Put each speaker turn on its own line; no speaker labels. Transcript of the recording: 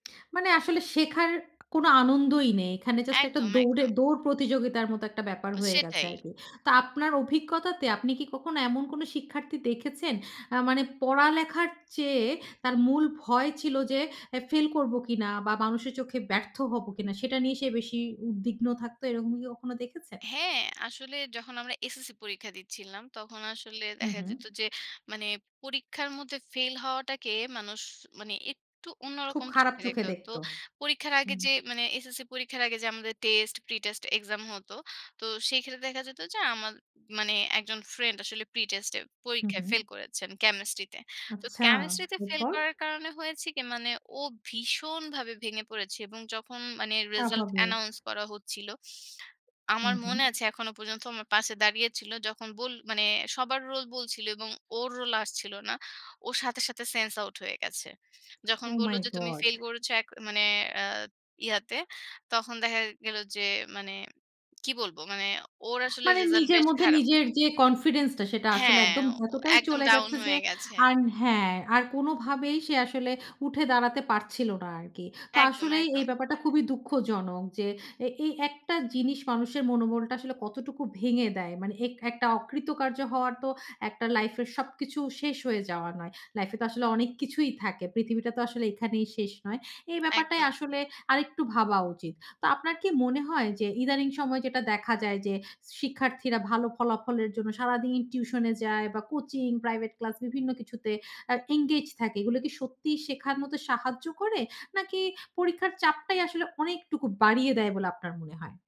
মানে আসলে শেখার কোন আনন্দই নেই। এখানে জাস্ট একটা
একদম,
দৌড়ে,
একদম।
দৌড় প্রতিযোগিতার মত একটা ব্যাপার হয়ে গেছে
সেটাই।
আরকি। তো আপনার অভিজ্ঞতাতে, আপনি কি কখনো এমন কোন শিক্ষার্থী দেখেছেন? আ মানে পড়ালেখার চেয়ে, তার মূল ভয় ছিল যে, এ ফেইল করব কিনা বা মানুষের চোখে ব্যর্থ হবো কিনা? সেটা নিয়ে সে বেশি উদ্বিগ্ন থাকতো, এরকম কি কখনো দেখেছেন?
হ্যাঁ। আসলে যখন আমরা এসএসসি পরীক্ষা দিচ্ছিলাম, তখন আসলে
হুম,
দেখা
হুম।
যেত যে, মানে পরীক্ষার মধ্যে ফেইল হওয়াটাকে মানুষ মানে একটু
খুব
অন্যরকম
খারাপ
চোখে
চোখে
দেখতে। তো
দেখত।
পরীক্ষার আগে
হুম।
যে, মানে এসএসসি পরীক্ষার আগে যে, আমাদের টেস্ট, প্রিটেস্ট এক্সাম হত। তো সেখানে দেখা যেত যে, আমার মানে একজন ফ্রেন্ড, আসলে প্রিটেস্ট এ,
হুম,
পরীক্ষায়
হুম।
ফেইল করেছেন, কেমিস্ট্রিতে। তো
আচ্ছা,
কেমিস্ট্রিতে ফেইল
এরপর?
করার কারণে হয়েছে কি? মানে, ও ভীষণভাবে ভেঙে পড়েছে এবং যখন মানে রিসাল্ট
স্বাভাবিক।
অ্যানাউন্স করা হচ্ছিল, আমার
হুম, হুম।
মনে আছে এখনো পর্যন্ত, আমার পাশে দাঁড়িয়েছিল। যখন বোল মানে সবার রোল বলছিল এবং ওর রোল আসছিল না, ওর সাথে, সাথে সেন্স আউট হয়ে গেছে। যখন
ওহ
বলল
মাই
যে, "তুমি
গড!
ফেইল করেছ এক মানে আ ইয়াতে" তখন দেখা গেল যে, মানে কি বলব? মানে ওর আসলে
মানে
রেজাল্ট
নিজের
বেশ
মধ্যে
খারাপ
নিজের যে কনফিডেন্সটা, সেটা আসলে
হ্যাঁ,
একদম
ও
এতটাই
একদম
চলে
ডাউন
গেছে যে,
হয়ে গেছে।
আর হ্যাঁ। আর কোনভাবেই সে আসলে উঠে দাঁড়াতে পারছিল না আরকি। তো
একদম,
আসলেই এই
একদম।
ব্যাপারটা খুবই দুঃখজনক যে, এই একটা জিনিস মানুষের মনোবলটা আসলে কতটুকু ভেঙে দেয়। মানে এক একটা অকৃতকার্য হওয়ার তো, একটা লাইফ এর সবকিছু শেষ হয়ে যাওয়া নয়। লাইফ এ তো আসলে অনেক কিছুই থাকে। পৃথিবীটা তো আসলে এখানেই শেষ নয়। এই ব্যাপারটাই
একদম।
আসলে আরেকটু ভাবা উচিত। তো আপনার কি মনে হয় যে, ইদানিং সময়ে যেটা দেখা যায় যে, শিক্ষার্থীরা ভালো ফলাফলের জন্য, সারাদিন টিউশনে যায় বা কোচিং, প্রাইভেট ক্লাস, বিভিন্ন কিছুতে আ এনগেজ থাকে, এগুলো কি সত্যিই শেখার মতো সাহায্য করে, নাকি পরীক্ষার চাপটাই আসলে অনেকটুকু বাড়িয়ে দেয়, বলে আপনার মনে হয়?